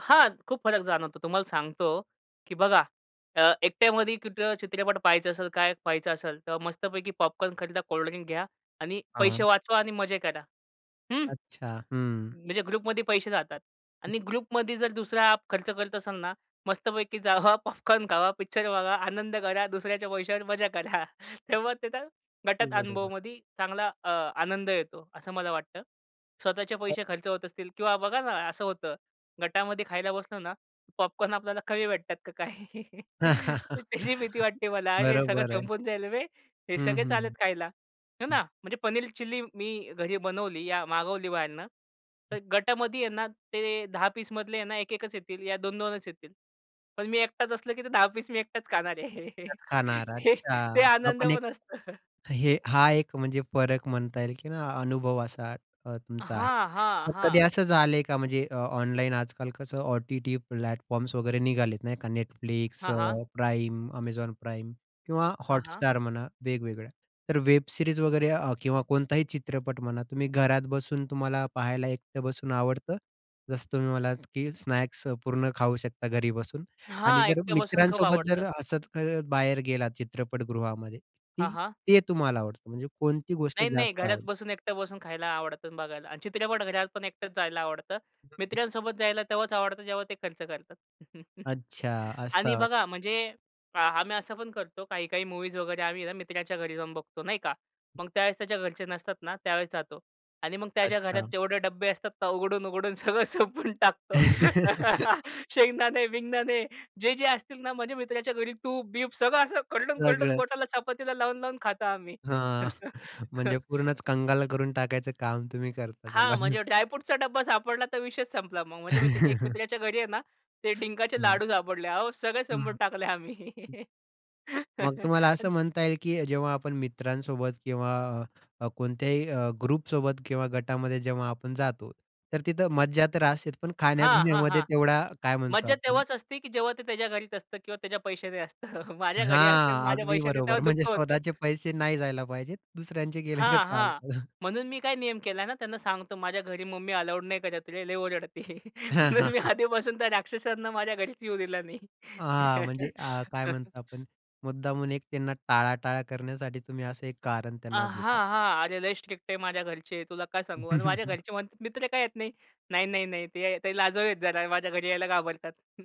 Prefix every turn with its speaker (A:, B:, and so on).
A: हां, खूप फरक जाणवतो. तुम्हाला सांगतो, की बघा अ, एकट्यामध्ये कुठं चित्रपट पहायचं असेल, काय पहायचं असेल. तर मस्तपैकी पॉपकॉर्न खरीदा कोल्ड ड्रिंक घ्या आणि पैसे
B: हां.
A: वाचवा आणि मजे करा. हं,
B: अच्छा. हं.
A: म्हणजे ग्रुपमध्ये पैसे जातात.
B: हं.
A: आणि ग्रुपमध्ये जर दुसरा खर्च करत असाल ना, मस्तपैकी जावा पॉपकॉर्न खावा, पिक्चर बघा आनंद करा, दुसऱ्याच्या पैशावर मजा करा. तेव्हा तिथं
B: ते
A: गटात
B: बरोबर.
A: अनुभवामध्ये चांगला अ, आनंद येतो, असं मला वाटतं. स्वतःचे
B: हां.
A: पैसे खर्च होत असतील किंवा बघा ना. असं होतं गटामध्ये खायला बसलो ना, पॉपकॉर्न आपल्याला कमी भेटतात का काय. त्याची भीती वाटते मला हे सगळं
B: बरोबर आहे.
A: संपून जाईल बे, हे
B: हं,
A: सगळे
B: हं,
A: चाललेत
B: हं,
A: खायला, हे
B: हं.
A: ना. म्हणजे पनीर चिल्ली मी घरी बनवली या मागवली बाहेरनं.
B: हं.
A: तर गटामध्ये आहे ना, ते 10 पीसमधले यांना 1-1 च येतील, या 2-2 च येतील. पण मी एकटाच असलं, की ते 10 मी एकटाच खाणार आहे.
B: असंच खाणार.
A: ते
B: अच्छा!
A: ते
B: हा
A: आनंद
B: पण एक
A: पण असतं.
B: हे हा एक म्हणजे फरक म्हणता येईल, की अनुभव असा अ, तुमचा आहे.
A: हां, हां,
B: मग कधी
A: हां.
B: असं झालं आहे का? म्हणजे अ, ऑनलाईन आजकाल कसं ओ-टी-टी प्लॅटफॉर्म्स वगैरे निघाले आहेत नाही का. Netflix
A: हां, हां.
B: अ, प्राईम, Amazon Prime किंवा
A: हां, हां.
B: Hotstar म्हणा वेगवेगळ्या. तर वेब सीरीज वगैरे अ, किंवा कोणताही चित्रपट म्हणा. तुम्ही घरात बसून तुम्हाला पाहायला एकटे बसून आवडतं? जसं तुम्ही म्हणालात, की स्नॅक्स पूर्ण खाऊ शकता घरी बसून. आणि
A: हां.
B: जर
A: एकट्या बसून खूप
B: मित्रांसोबत जर
A: आवडतं.
B: असत अ, बाहेर गेलात चित्रपटगृहामध्ये.
A: हां,
B: ती
A: हां.
B: ते तुम्हाला आवडतं म्हणजे कोणती गोष्ट
A: नाही, नाही.
B: जास्त
A: घरात
B: आवडते?
A: बसून एकटं बसून खायला आवडतं, बघायला. आणि चित्रपट घरात पण एकटच जायला आवडत.
B: [unintelligible]
A: मित्रांसोबत जायला तेव्हाच आवडतं जेव्हा ते खर्च करतात.
B: अच्छा. असं
A: आणि
B: वा
A: बघा म्हणजे अ, आम्ही असं पण करतो काही-काही मूव्हीज वगैरे, आम्ही ना मित्राच्या घरी जाऊन बघतो, नाही का. मग त्यावेळेस त्याच्या घरचे नसतात ना त्यावेळेस जातो. आणि मग त्याच्या घरात
B: अच्छा.
A: जेवढे डब्बे असतात, तर उघडून-उघडून सगळं सोपवून टाकतो. शेंगदाणे-बिंगदानणे जे, जे असतील ना, माझ्या मित्राच्या घरी तूप-बीप सगळं असं, खरडून-खरडून
B: सगळं.
A: बोटाला चपातीला लावून-लावून खातो आम्ही.
B: हां. म्हणजे पूर्णच कंगाल करून टाकायचं काम तुम्ही करता त्याला.
A: हां,
B: हं.
A: म्हणजे ड्राय फ्रूटचा डब्बा सापडला तर विषयीचं संपला मग. म्हणजे मत एक मित्राच्या घरी आहे ना, ते डिंकाचे
B: हां.
A: लाडू सापडले. अहो सगळे
B: हं,
A: संपून
B: हं.
A: टाकले आम्ही.
B: मग तुम्हाला
A: अन
B: असं म्हणता येईल, की जेव्हा आपण मित्रांसोबत किंवा अ, कोणत्याही अ, ग्रुपसोबत किंवा गटामध्ये जेव्हा आपण जातो, तर तिथं मज्जा तर असतेच पण
A: हां, हां,
B: खाण्यापिण्यामध्ये
A: हां.
B: तेवढा काय म्हणतो
A: मज्जा
B: आपण
A: तेव्हाच असते, की जेव्हा ते त्याच्या घरीच असतं किंवा त्याच्या पैशाने असतं. माझ्या घरी असतील,
B: हां.
A: माझ्या
B: अगदी
A: पैशाने तेव्हा
B: बरोबर. म्हणजे
A: दुःख होतं.
B: स्वतःचे पैसे नाही जायला पाहिजेत, दुसऱ्यांचे गेले तर
A: हां, हां.
B: चालतं.
A: म्हणून मी काय नियम केला ना त्यांना सांगतो, "माझ्या घरी मम्मी अलाऊड नाही करत रे, लय ओरडते."
B: हां,
A: म्हणून
B: हां,
A: मी
B: हां.
A: आधीपासून त्या राक्षसांना माझ्या घरीच येऊ दिला नाही.
B: हां, म्हणजे अ, काय म्हणता आपण मुद्दामून एक त्यांना टाळाटाळ करण्यासाठी तुम्ही असं एक कारण
A: अ,
B: त्यांना देता.
A: हां, हां. "अरे, लय स्ट्रिक्ट आहे माझ्या घरचे तुला काय सांगू." आणि माझ्या घरचे म्हणतात, "मित्र का येत नाही?" "नाही, नाही, नाही, ते ते लाजाळू आहेत जरा, माझ्या घरी यायला घाबरतात."